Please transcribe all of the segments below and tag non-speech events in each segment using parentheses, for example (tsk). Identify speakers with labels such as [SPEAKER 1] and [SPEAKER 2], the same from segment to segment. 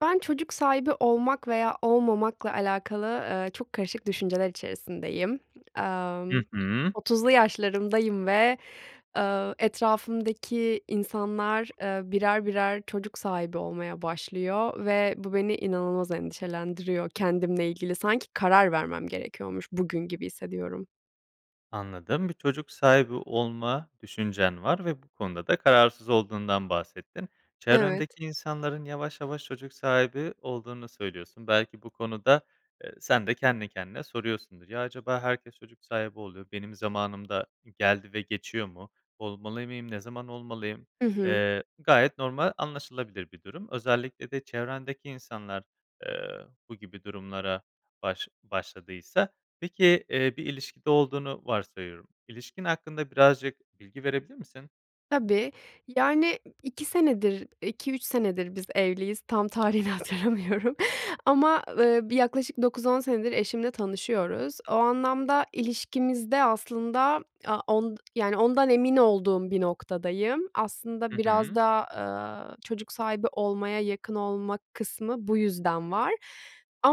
[SPEAKER 1] Ben çocuk sahibi olmak veya olmamakla alakalı, ııı, çok karışık düşünceler içerisindeyim.
[SPEAKER 2] Hı
[SPEAKER 1] Emm,
[SPEAKER 2] hı.
[SPEAKER 1] 30'lu yaşlarımdayım ve, ııı, etrafımdaki insanlar, ııı, birer birer çocuk sahibi olmaya başlıyor ve bu, beni inanılmaz endişelendiriyor. Kendimle ilgili sanki karar vermem gerekiyormuş bugün gibi hissediyorum.
[SPEAKER 2] Anladım. Bir çocuk sahibi olma düşüncen var ve bu konuda da kararsız olduğundan bahsettin.
[SPEAKER 1] Evet.
[SPEAKER 2] Çevrendeki insanların yavaş yavaş çocuk sahibi olduğunu söylüyorsun. Belki bu konuda, eee, sende kendi kendine soruyorsundur. "Ya acaba herkes çocuk sahibi oluyor, benim zamanım da geldi ve geçiyor mu? Olmalı mıyım? Ne zaman olmalıyım?"
[SPEAKER 1] Hı hı.
[SPEAKER 2] Eee, gayet normal anlaşılabilir bir durum. Özellikle de çevrendeki insanlar, ııı, bu gibi durumlara baş başladıysa. Peki, iii, bir ilişkide olduğunu varsayıyorum. İlişkin hakkında birazcık bilgi verebilir misin?
[SPEAKER 1] Tabii. Yani, 2 senedir 2-3 senedir biz evliyiz, tam tarihini hatırlamıyorum ama, ııı, bir yaklaşık 9-10 senedir eşimle tanışıyoruz. O anlamda ilişkimizde aslında a on yani ondan emin olduğum bir noktadayım. Aslında
[SPEAKER 2] Hı
[SPEAKER 1] biraz
[SPEAKER 2] hı.
[SPEAKER 1] da, aaa, çocuk sahibi olmaya yakın olma kısmı bu yüzden var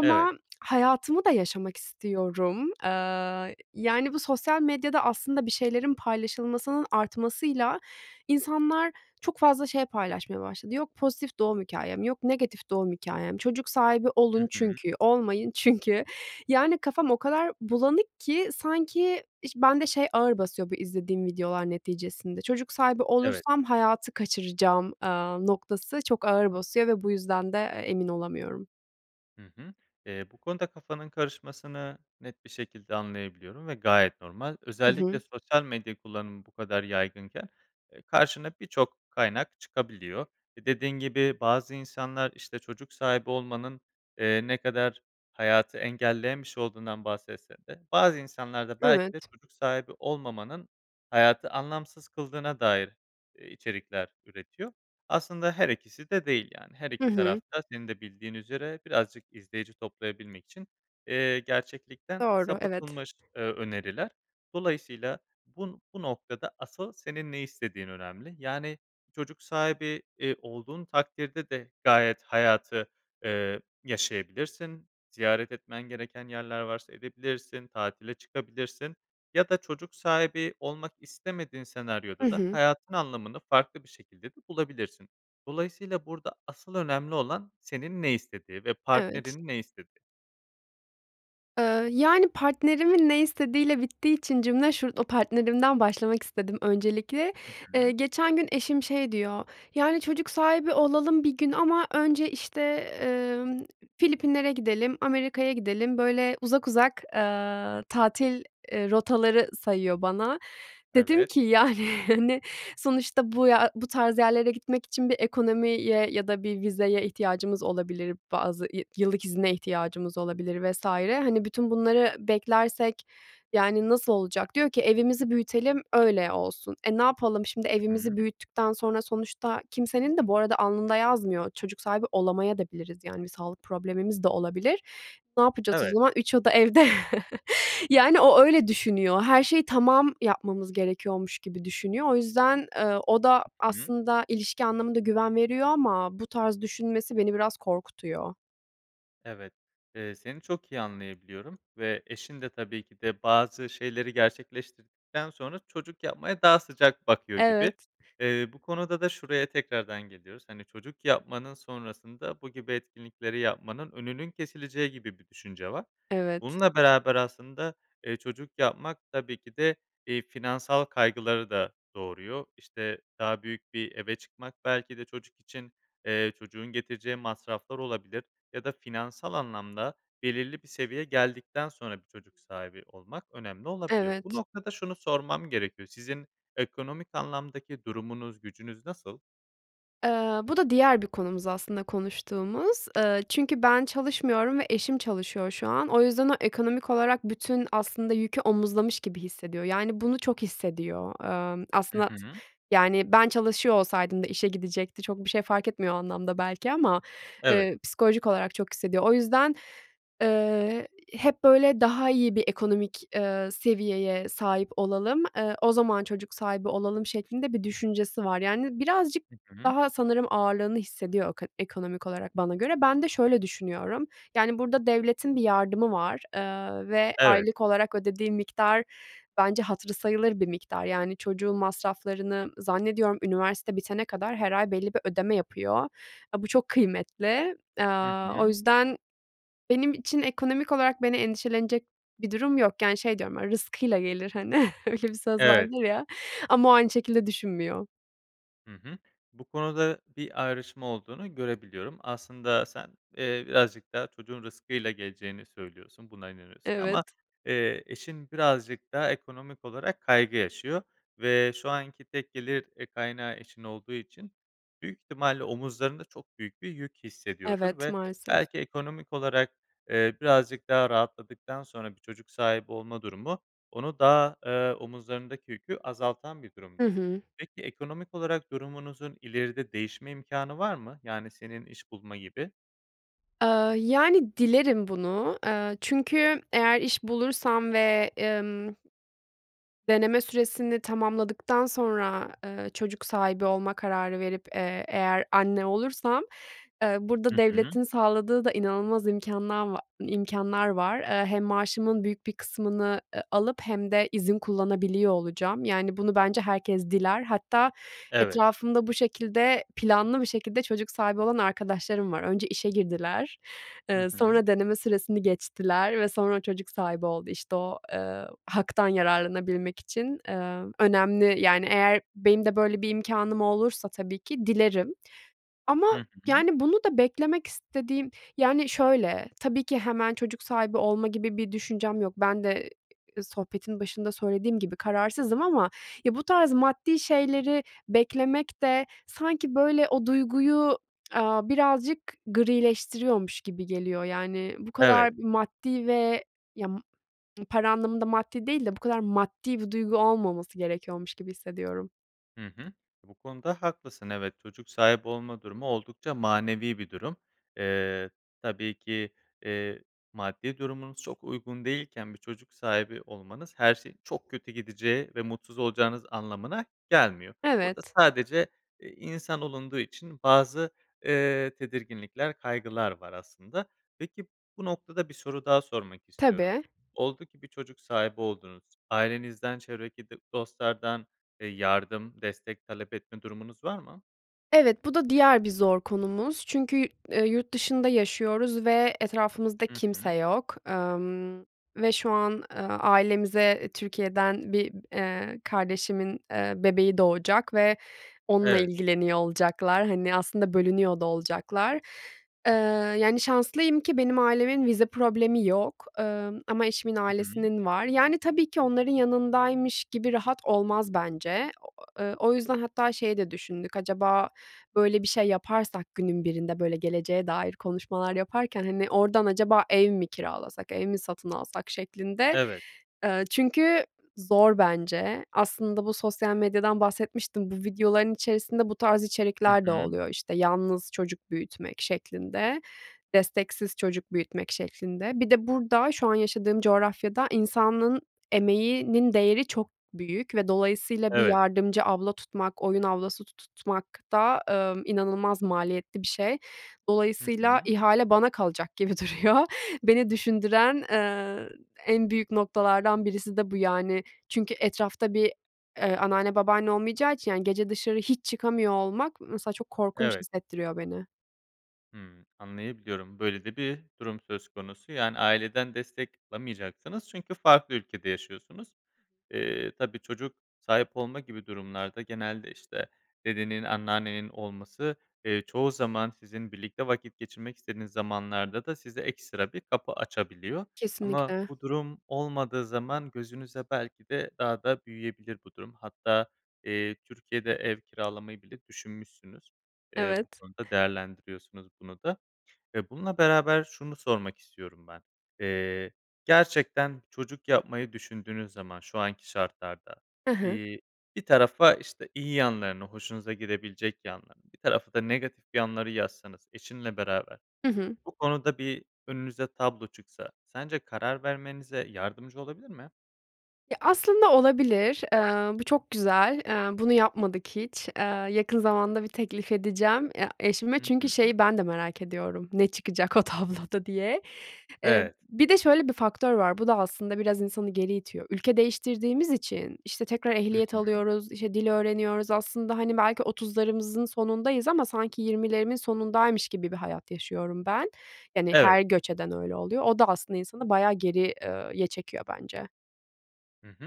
[SPEAKER 2] Evet.
[SPEAKER 1] (tsk) hayatımı da yaşamak istiyorum. Aaa, yani, bu sosyal medyada aslında bir şeylerin paylaşılmasının artmasıyla insanlar çok fazla şey paylaşmaya başladı. Yok pozitif doğum hikâyem, yok negatif doğum hikâyem, çocuk sahibi
[SPEAKER 2] Hı
[SPEAKER 1] olun
[SPEAKER 2] hı.
[SPEAKER 1] çünkü, olmayın çünkü. Yani, kafam o kadar bulanık ki sanki iş bende şey ağır basıyor bu izlediğim videolar neticesinde çocuk sahibi
[SPEAKER 2] Evet.
[SPEAKER 1] olursam hayatı kaçıracağım, aaa, noktası çok ağır basıyor ve bu yüzden de, eee, emin olamıyorum.
[SPEAKER 2] Hı hı. Eee, bu konuda kafanın karışmasını net bir şekilde anlayabiliyorum ve gayet normal.
[SPEAKER 1] Hı hı.
[SPEAKER 2] Özellikle sosyal medya kullanımı bu kadar yaygınken, eee, karşına birçok kaynak çıkabiliyor. E, dediğin gibi bazı insanlar, işte, çocuk sahibi olmanın, eee, ne kadar hayatı engelleyen bir şey olduğundan bahsetse de bazı insanlar da belki de
[SPEAKER 1] Evet.
[SPEAKER 2] çocuk sahibi olmamanın hayatı anlamsız kıldığına dair, eee, içerikler üretiyor. Aslında her ikisi de değil, yani, her
[SPEAKER 1] Hı
[SPEAKER 2] iki
[SPEAKER 1] hı.
[SPEAKER 2] taraf da senin de bildiğin üzere birazcık izleyici toplayabilmek için, eee, gerçeklikten
[SPEAKER 1] Doğru, evet.
[SPEAKER 2] sapıtılmış, eee, öneriler. Dolayısıyla bu n bu noktada asıl senin ne istediğin önemli. Yani, çocuk sahibi, iii, olduğun takdirde de gayet hayatı, eee, yaşayabilirsin. Ziyaret etmen gereken yerler varsa edebilirsin, tatile çıkabilirsin ya da çocuk sahibi olmak istemediğin
[SPEAKER 1] Hı
[SPEAKER 2] senaryoda da
[SPEAKER 1] hı.
[SPEAKER 2] hayatın anlamını farklı bir şekilde de bulabilirsin. Dolayısıyla burada asıl önemli olan senin ne istediğin ve
[SPEAKER 1] Evet.
[SPEAKER 2] partnerinin ne istediği.
[SPEAKER 1] Iıı, yani, partnerimin ne istediğiyle bittiği için cümle şu partnerimden başlamak istedim öncelikle.
[SPEAKER 2] Hı
[SPEAKER 1] Eee,
[SPEAKER 2] hı.
[SPEAKER 1] geçen gün eşim şey diyor; "Yani, çocuk sahibi olalım bir gün ama önce, işte, ııı, Filipinler'e gidelim, Amerika'ya gidelim." Böyle uzak uzak, aaa, tatil, eee, rotaları sayıyor bana. Dedim
[SPEAKER 2] Evet.
[SPEAKER 1] ki "Yani, hani, sonuçta bu ya bu tarz yerlere gitmek için bir ekonomiye ya da bir vizeye ihtiyacımız olabilir, bazı yı yıllık izine ihtiyacımız olabilir vs. Hani, bütün bunları beklersek, yani, nasıl olacak?" Diyor ki "Evimizi büyütelim öyle olsun." Eee, ne yapalım, şimdi
[SPEAKER 2] Hı hı.
[SPEAKER 1] evimizi büyüttükten sonra sonuçta kimsenin de bu arada alnında yazmıyor, çocuk sahibi olamayabiliriz de, yani, bir sağlık problemimiz de olabilir. Ne yapacağız o
[SPEAKER 2] Evet.
[SPEAKER 1] zaman? 3 oda evde? (chuckles) Yani, o, öyle düşünüyor, her şeyi tamam yapmamız gerekiyormuş gibi düşünüyor. O yüzden, ııı, o da
[SPEAKER 2] Hı hı.
[SPEAKER 1] aslında ilişki anlamında güven veriyor ama bu tarz düşünmesi beni biraz korkutuyor.
[SPEAKER 2] Evet. Eee, seni çok iyi anlayabiliyorum ve eşin de tabii ki de bazı şeyleri gerçekleştirdikten sonra çocuk yapmaya daha sıcak bakıyor gibi.
[SPEAKER 1] Evet.
[SPEAKER 2] Eee, bu konuda da şuraya tekrardan geliyoruz, hani, çocuk yapmanın sonrasında bu gibi etkinlikleri yapmanın önünün kesileceği gibi bir düşünce var.
[SPEAKER 1] Evet.
[SPEAKER 2] Bununla beraber aslında, eee, çocuk yapmak tabii ki de, iii, finansal kaygıları da doğuruyor, işte, daha büyük bir eve çıkmak belki de çocuk için, eee, çocuğun getireceği masraflar olabilir ya da finansal anlamda belirli bir seviyeye geldikten sonra bir çocuk sahibi olmak önemli olabiliyor. Bu
[SPEAKER 1] Evet.
[SPEAKER 2] noktada şunu sormam gerekiyor, sizin ekonomik anlamdaki durumunuz, gücünüz nasıl?
[SPEAKER 1] Eee, bu da diğer bir konumuz aslında, konuştuğumuz. Eee, çünkü ben çalışmıyorum ve eşim çalışıyor şu an. O yüzden o ekonomik olarak bütün aslında yükü omuzlamış gibi hissediyor. Yani, bunu çok hissediyor, emm,
[SPEAKER 2] Hı
[SPEAKER 1] aslında s
[SPEAKER 2] hı.
[SPEAKER 1] yani, ben çalışıyor olsaydım da işe gidecekti. Çok bir şey fark etmiyor o anlamda belki ama,
[SPEAKER 2] Evet.
[SPEAKER 1] eee, psikolojik olarak çok hissediyor. O yüzden, ııı, hep, böyle, "Daha iyi bir ekonomik, eee, seviyeye sahip olalım. Eee, o zaman çocuk sahibi olalım." şeklinde bir düşüncesi var. Yani, birazcık
[SPEAKER 2] Hı hı.
[SPEAKER 1] daha sanırım ağırlığını hissediyor eko ekonomik olarak bana göre. Ben de şöyle düşünüyorum, yani, burada devletin bir yardımı var, eee, ve
[SPEAKER 2] Evet.
[SPEAKER 1] aylık olarak ödediği miktar, bence, hatırı sayılır bir miktar. Yani, çocuğun masraflarını zannediyorum, üniversite bitene kadar her ay belli bir ödeme yapıyor. A, bu çok kıymetli.
[SPEAKER 2] Hı
[SPEAKER 1] Aaa, o
[SPEAKER 2] hı.
[SPEAKER 1] yüzden benim için ekonomik olarak beni endişelenecek bir durum yok. Yani, şey diyorum, "Rızkıyla gelir." hani, öyle bir söz
[SPEAKER 2] Evet.
[SPEAKER 1] vardır ya ama o aynı şekilde düşünmüyor.
[SPEAKER 2] Hı hı. Bu konuda bir ayrışma olduğunu görebiliyorum. Aslında sen, eee, birazcık daha çocuğun rızkıyla geleceğini söylüyorsun, buna inanıyorsun
[SPEAKER 1] Evet.
[SPEAKER 2] ama, eee, eşin birazcık daha ekonomik olarak kaygı yaşıyor ve şu anki tek gelir, eee, kaynağı eşin olduğu için büyük ihtimalle omuzlarında çok büyük bir yük hissediyordur
[SPEAKER 1] Evet,
[SPEAKER 2] ve
[SPEAKER 1] maalesef.
[SPEAKER 2] belki ekonomik olarak, eee, birazcık daha rahatladıktan sonra bir çocuk sahibi olma durumu onu daha, ııı, omuzlarındaki yükü azaltan bir
[SPEAKER 1] Hı
[SPEAKER 2] durumdur.
[SPEAKER 1] hı.
[SPEAKER 2] Peki, ekonomik olarak durumunuzun ileride değişme imkânı var mı? Yani, senin iş bulma gibi.
[SPEAKER 1] Aaa, yani, dilerim bunu. Eee, çünkü eğer iş bulursam ve, ımm Deneme süresini tamamladıktan sonra, eee, çocuk sahibi olma kararı verip, eee, eğer anne olursam, eee,
[SPEAKER 2] Hı
[SPEAKER 1] burada
[SPEAKER 2] hı.
[SPEAKER 1] devletin sağladığı da inanılmaz imkânla va imkânlar var. Hem maaşımın büyük bir kısmını, ııı, alıp hem izin kullanabiliyor olacağım. Yani, bunu bence herkes diler. Hatta
[SPEAKER 2] Evet.
[SPEAKER 1] etrafımda bu şekilde planlı bir şekilde çocuk sahibi olan arkadaşlarım var. Önce işe girdiler,
[SPEAKER 2] Hı
[SPEAKER 1] eee,
[SPEAKER 2] hı.
[SPEAKER 1] sonra deneme süresini geçtiler ve sonra çocuk sahibi oldu, işte, o, ııı, haktan yararlanabilmek için, eee, önemli. Yani, eğer benim de böyle bir imkânım olursa tabii ki dilerim ama,
[SPEAKER 2] Hı hı.
[SPEAKER 1] yani, bunu da beklemek istediğim, yani, şöyle, tabii ki hemen çocuk sahibi olma gibi bir düşüncem yok. Ben de, ııı, sohbetin başında söylediğim gibi kararsızım ama ya bu tarz maddi şeyleri beklemek de sanki, böyle, o duyguyu, aaa, birazcık grileştiriyormuş gibi geliyor. Yani, bu
[SPEAKER 2] Evet.
[SPEAKER 1] kadar maddi ve ya m para anlamında maddi değil de bu kadar maddi bir duygu olmaması gerekiyormuş gibi hissediyorum.
[SPEAKER 2] Hı hı. Bu konuda haklısın. Evet, çocuk sahibi olma durumu oldukça manevi bir durum. Eee, tabii ki, eee, maddi durumunuz çok uygun değilken bir çocuk sahibi olmanız her şeyin çok kötü gideceği ve mutsuz olacağınız anlamına gelmiyor. Burada
[SPEAKER 1] Evet.
[SPEAKER 2] sadece i insan olunduğu için bazı, eee, tedirginlikler, kaygılar var aslında. Peki, bu noktada bir soru daha sormak istiyorum.
[SPEAKER 1] Tabii.
[SPEAKER 2] Oldu ki bir çocuk sahibi oldunuz ailenizden, çevredeki d dostlardan, eee, yardım, destek talep etme durumunuz var mı?
[SPEAKER 1] Evet, bu da diğer bir zor konumuz. Çünkü yu eee, yurt dışında yaşıyoruz ve etrafımızda
[SPEAKER 2] Hı
[SPEAKER 1] kimse
[SPEAKER 2] hı.
[SPEAKER 1] yok, ımm, ve şu an, ııı, ailemize Türkiye'den bir, eee, kardeşimin, eee, bebeği doğacak ve onunla
[SPEAKER 2] Evet.
[SPEAKER 1] ilgileniyor olacaklar. Hani, aslında bölünüyor da olacaklar. Eee, yani, şanslıyım ki benim ailemin vize problemi yok, ımm, ama eşimin
[SPEAKER 2] Hı hı.
[SPEAKER 1] ailesinin var. Yani, tabii ki onların yanındaymış gibi rahat olmaz bence. (unintelligible) Eee, o yüzden hatta şeyi de düşündük, acaba böyle bir şey yaparsak günün birinde, böyle, geleceğe dair konuşmalar yaparken, hani, oradan acaba ev mi kiralasak, ev mi satın alsak şeklinde.
[SPEAKER 2] Evet.
[SPEAKER 1] Iıı, çünkü zor bence. Aslında bu sosyal medyadan bahsetmiştim. Bu videoların içerisinde bu tarz
[SPEAKER 2] Hı
[SPEAKER 1] içerikler de
[SPEAKER 2] hı.
[SPEAKER 1] oluyor, işte, yalnız çocuk büyütmek şeklinde, desteksiz çocuk büyütmek şeklinde. Bir de burada, şu an yaşadığım coğrafyada insanın emeğinin değeri çok büyük ve dolayısıyla bir
[SPEAKER 2] Evet.
[SPEAKER 1] yardımcı abla tutmak, oyun ablası tutmak da, ımm, inanılmaz maliyetli bir şey.
[SPEAKER 2] Hı
[SPEAKER 1] Dolayısıyla
[SPEAKER 2] hı.
[SPEAKER 1] ihale bana kalacak gibi duruyor. Beni düşündüren, eee, en büyük noktalardan birisi de bu yani. Çünkü etrafta bir, eee, anneanne, babaanne olmayacağı için, yani, gece dışarı hiç çıkamıyor olmak, mesela, çok korkunç
[SPEAKER 2] Evet.
[SPEAKER 1] hissettiriyor beni.
[SPEAKER 2] Hımm, anlayabiliyorum. Böyle de bir durum söz konusu, yani, aileden destek alamayacaksınız çünkü farklı ülkede yaşıyorsunuz. Eee, tabii, çocuk sahip olma gibi durumlarda genelde, işte, dedenin, anneannenin olması, eee, çoğu zaman sizin birlikte vakit geçirmek istediğiniz zamanlarda da size ekstra bir kapı açabiliyor ama
[SPEAKER 1] Kesinlikle.
[SPEAKER 2] bu durum olmadığı zaman gözünüze belki de daha da büyüyebilir bu durum. Hatta, eee, Türkiye'de ev kiralamayı bile düşünmüşsünüz. Eee, bu
[SPEAKER 1] Evet.
[SPEAKER 2] konuda değerlendiriyorsunuz bunu da. Eee, bununla beraber şunu sormak istiyorum ben. Eee, gerçekten çocuk yapmayı düşündüğünüz zaman şu anki şartlarda,
[SPEAKER 1] Hı hı.
[SPEAKER 2] iii, bir tarafa, işte, iyi yanlarını, hoşunuza gidebilecek yanlarını, bir tarafa da negatif yanları yazsanız eşinle beraber,
[SPEAKER 1] Hı hı.
[SPEAKER 2] bu konuda bir önünüze tablo çıksa sence karar vermenize yardımcı olabilir mi?
[SPEAKER 1] Ya, aslında olabilir. Eee, bu çok güzel. Eee, bunu yapmadık hiç. Eee, yakın zamanda bir teklif edeceğim ya eşime
[SPEAKER 2] Hı
[SPEAKER 1] çünkü
[SPEAKER 2] hı.
[SPEAKER 1] şeyi ben de merak ediyorum, ne çıkacak o tabloda diye. Eee,
[SPEAKER 2] Evet.
[SPEAKER 1] bir de şöyle bir faktör var, bu da aslında biraz insanı geri itiyor. Ülke değiştirdiğimiz için, işte, tekrar
[SPEAKER 2] Hı
[SPEAKER 1] ehliyet
[SPEAKER 2] hı.
[SPEAKER 1] alıyoruz, işte, dil öğreniyoruz. Aslında, hani, belki 30'larımızın sonundayız ama sanki 20'lerimin sonundaymış gibi bir hayat yaşıyorum ben. Yani,
[SPEAKER 2] Evet.
[SPEAKER 1] her göç eden öyle oluyor. O da aslında insanı bayağı geri eee, ye çekiyor bence.
[SPEAKER 2] Hı hı,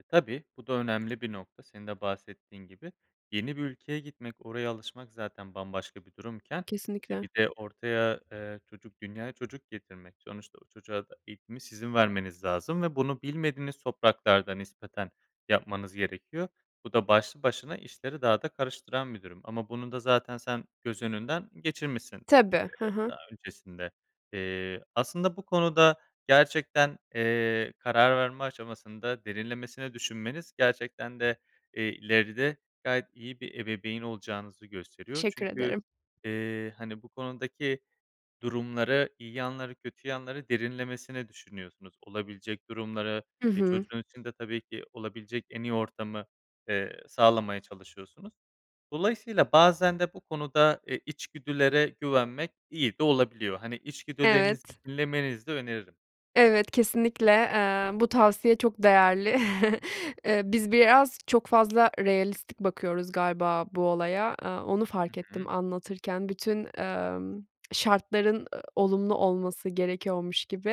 [SPEAKER 2] e, tabii bu da önemli bir nokta senin de bahsettiğin gibi. Yeni bir ülkeye gitmek, oraya alışmak zaten bambaşka bir durumken, eee,
[SPEAKER 1] Kesinlikle.
[SPEAKER 2] bir de ortaya, eee, çocuk dünyaya çocuk getirmek. Sonuçta o çocuğa da eğitimi sizin vermeniz lazım ve bunu bilmediğiniz topraklarda nispeten yapmanız gerekiyor. Bu da başlı başına işleri daha da karıştıran bi durum. Ama bunu da zaten sen göz önünden geçirmişsin, eee,
[SPEAKER 1] Tabii, he he.
[SPEAKER 2] daha öncesinde. Eee, aslında bu konuda gerçekten, eee, karar verme aşamasında derinlemesine düşünmeniz gerçekten de, eee, ileride gayet iyi bir ebeveyn olacağınızı gösteriyor.
[SPEAKER 1] Teşekkür
[SPEAKER 2] Çünkü,
[SPEAKER 1] ederim.
[SPEAKER 2] eee, hani, bu konudaki durumları, iyi yanları, kötü yanları derinlemesine düşünüyorsunuz. Olabilecek durumları,
[SPEAKER 1] Hı
[SPEAKER 2] eee,
[SPEAKER 1] hı.
[SPEAKER 2] çocuğun için de tabii ki olabilecek en iyi ortamı, eee, sağlamaya çalışıyorsunuz. Dolayısıyla bazen de bu konuda, eee, içgüdülere güvenmek iyi de olabiliyor. Hani, içgüdülerinizi
[SPEAKER 1] Evet.
[SPEAKER 2] dinlemenizi de öneririm.
[SPEAKER 1] Evet, kesinlikle, eee, bu tavsiye çok değerli. (chuckles) Eee, biz biraz çok fazla realistik bakıyoruz galiba bu olaya, aaa, onu
[SPEAKER 2] Hı
[SPEAKER 1] fark
[SPEAKER 2] hı.
[SPEAKER 1] ettim anlatırken. Bütün, ımm, şartların, ı olumlu olması gerekiyormuş gibi.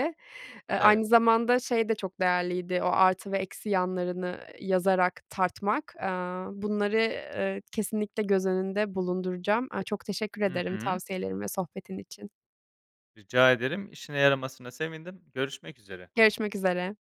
[SPEAKER 1] Eee,
[SPEAKER 2] Evet.
[SPEAKER 1] aynı zamanda şey de çok değerliydi. O artı ve eksi yanlarını yazarak tartmak, aaa, bunları, ııı, kesinlikle göz önünde bulunduracağım. Aaa, çok teşekkür
[SPEAKER 2] Hı
[SPEAKER 1] ederim
[SPEAKER 2] hı.
[SPEAKER 1] tavsiyelerin ve sohbetin için.
[SPEAKER 2] Rica ederim, işine yaramasına sevindim, görüşmek üzere.
[SPEAKER 1] Görüşmek üzere.